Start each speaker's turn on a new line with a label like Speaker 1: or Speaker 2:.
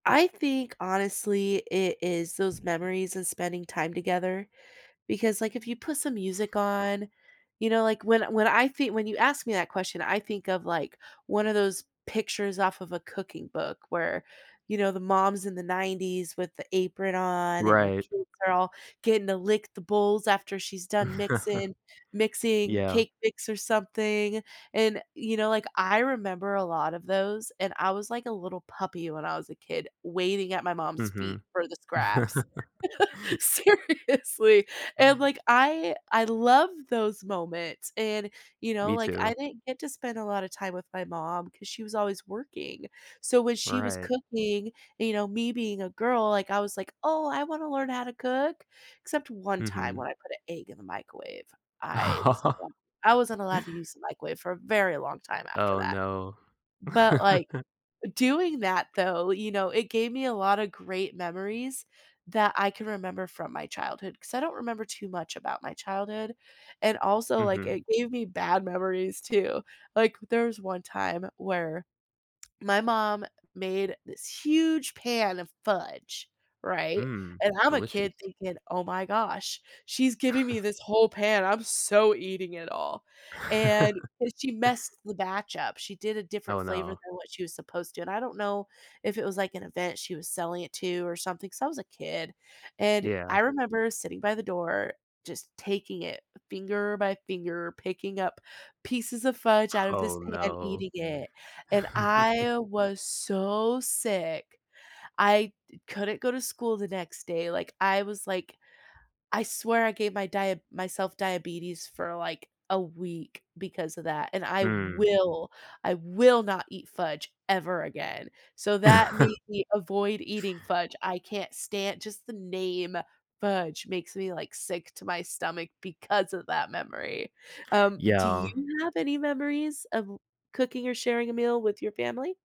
Speaker 1: I think honestly, it is those memories and spending time together. Because, like, if you put some music on, you know, like when when I thi when you ask me that question, I think of, like, one of those pictures off of a cooking book where, you know, the moms in the '90s with the apron on and her
Speaker 2: Right.
Speaker 1: kids are all getting to lick the bowls after she's done mixing mixing
Speaker 2: Yeah.
Speaker 1: cake mix or something. And, you know, like, I remember a lot of those and I was like a little puppy when I was a kid waiting at my mom's feet
Speaker 2: Mhm.
Speaker 1: for the scraps. Seriously. And like, I I love those moments and, you know,
Speaker 2: Me
Speaker 1: like, I
Speaker 2: too.
Speaker 1: didn't get to spend a lotta time with my mom 'cause she was always working. So when she was
Speaker 2: Right.
Speaker 1: cooking, you know, me being a girl, like I was like, "Oh, I wanna learn how to cook." Except one time
Speaker 2: Mhm.
Speaker 1: when I put a egg in the microwave, I wasn't al I wasn't allowed to use the microwave for a very long time after
Speaker 2: Oh,
Speaker 1: that.
Speaker 2: no.
Speaker 1: But, like, doing that though, you know, it gave me a lotta great memories that I can remember from my childhood 'cause I don't remember too much about my childhood. And also, like,
Speaker 2: Mhm.
Speaker 1: it gave me bad memories too. Like, there's one time where my mom made this huge pan of fudge, right?
Speaker 2: Mm.
Speaker 1: And I'm a kid
Speaker 2: Delicious.
Speaker 1: thinking, "Oh my gosh, she's giving me this whole pan. I'm so eating it all." And, so she messed the batch up, she did a different
Speaker 2: Oh,
Speaker 1: flavor
Speaker 2: no.
Speaker 1: than what she was supposed to. And I don't know if it was like an event she was selling it to or something. So I was a kid and
Speaker 2: Yeah.
Speaker 1: I remember sitting by the door, just taking it finger by finger, picking up pieces of fudge out of this
Speaker 2: Oh,
Speaker 1: pan,
Speaker 2: no.
Speaker 1: eating it. And I was so sick, I d couldn't go to school the next day. Like, I was like, I swear I gave my dia myself diabetes for, like, a week because of that. And I
Speaker 2: Hmm.
Speaker 1: will I will not eat fudge ever again. So that made me avoid eating fudge. I can't stan just the name "fudge" makes me, like, sick to my stomach because of that memory. Um, do you
Speaker 2: Yeah.
Speaker 1: have any memories of cooking or sharing a meal with your family?